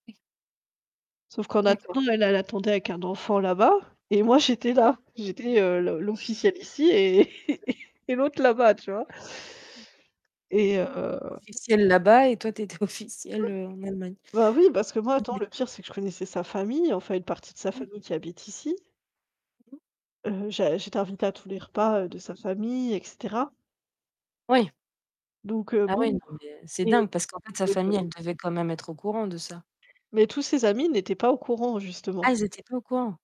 Sauf qu'en attendant, D'accord. elle, elle attendait avec un enfant là-bas et moi j'étais là, j'étais, heu, le l'officielle ici et et l'autre là-bas, tu vois. Et heu Officielle là-bas et toi tu étais officielle, heu, en Allemagne. Bah oui, parce que moi, Ah attends, mais le pire, c'est que je connaissais sa famille, enfin une partie de sa Oui. famille qui habite ici [unintelligible] heu, j'ai j'étais t'invitée à tous les repas, heu, de sa famille et cetera Oui. donc heu, Ah oui, bon, non mais c'est et dingue parce qu'en fait sa famille, [unintelligible] elle devait quand même être au courant de ça. Mais tous ses amis n'étaient pas au courant, Ah, justement. ils étaient pas au courant!